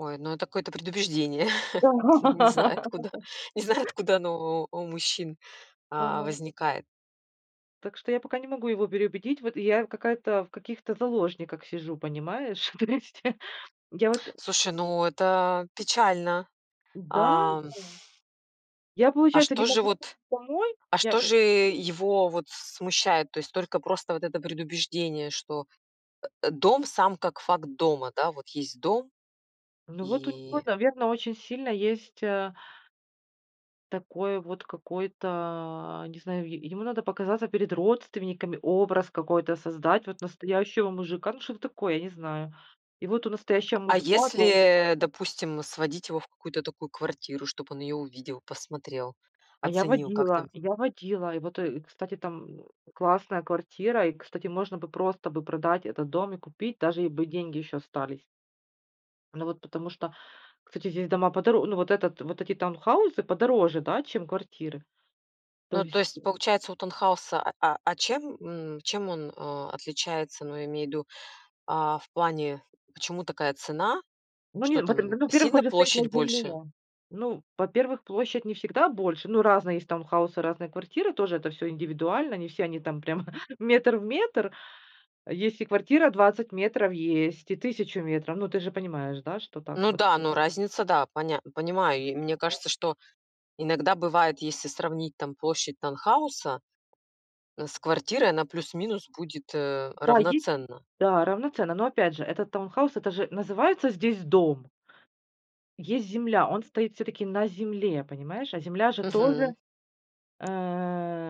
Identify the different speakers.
Speaker 1: Ой, ну это какое-то предубеждение.
Speaker 2: Да.
Speaker 1: Не знаю откуда не знаю откуда оно о у мужчин, а,
Speaker 2: Ага.
Speaker 1: возникает.
Speaker 2: Так что я пока не могу его переубедить. Вот и я какая-то, в каких-то заложниках сижу, понимаешь? То есть я вот
Speaker 1: Слушай, ну это печально.
Speaker 2: Да,
Speaker 1: Ам
Speaker 2: о я,
Speaker 1: А
Speaker 2: получается, не
Speaker 1: что же
Speaker 2: могу
Speaker 1: вот
Speaker 2: помой
Speaker 1: а
Speaker 2: я
Speaker 1: что
Speaker 2: тут
Speaker 1: же его вот смущает? То есть только просто вот это предубеждение, что, э, дом, сам как факт дома. Да? Вот есть дом
Speaker 2: Ну, вот у него,
Speaker 1: и
Speaker 2: наверно, очень сильно есть, а Такой вот какой-то, не знаю, е ему надо показаться перед родственниками, образ какой-то создать. Вот настоящего мужика, ну что такое, я не знаю. И вот у настоящего
Speaker 1: А
Speaker 2: мужика долж
Speaker 1: если, допустим, сводить его в какую-то такую квартиру, чтоб он её увидел, посмотрел,
Speaker 2: А я
Speaker 1: оценил, как
Speaker 2: водила
Speaker 1: там
Speaker 2: я водила. И вот, э, кстати, там классная квартира, и, кстати, можно бы просто бы продать этот дом и купить, даже и бы деньги ещё остались. Ну вот потому что, кстати, здесь дома подоро ну, вот это вот эти таунхаусы подороже, да, чем квартиры. То
Speaker 1: Ну, то
Speaker 2: есть
Speaker 1: есть, получается, у таунхауса, а а а чем, м, чем он, а, отличается, ну, я имею в виду, а, в плане, почему такая цена?
Speaker 2: Ну, не
Speaker 1: Что
Speaker 2: в этом, ну,
Speaker 1: там
Speaker 2: во-первых,
Speaker 1: сильно
Speaker 2: он же стоит на
Speaker 1: площадь больше?
Speaker 2: земле. Ну, во-первых, площадь не всегда больше. Ну, разные есть таунхаусы, разные квартиры, тоже это всё индивидуально. Не все они там прям метр в метр. Есть и квартира 20 метров есть, и 1000 метров. Ну, ты же понимаешь, да, что так
Speaker 1: Ну
Speaker 2: вот.
Speaker 1: да, ну, разница, да, понят понимаю. И мне кажется, что иногда бывает, если сравнить там площадь таунхауса с квартирой, она плюс-минус будет, э,
Speaker 2: Да, е
Speaker 1: равноценна.
Speaker 2: Да, равноценно, но, опять же, этот таунхаус- это же называется здесь дом. Есть земля, он стоит всё-таки на земле, понимаешь? А земля же тоже,
Speaker 1: Мгм.
Speaker 2: э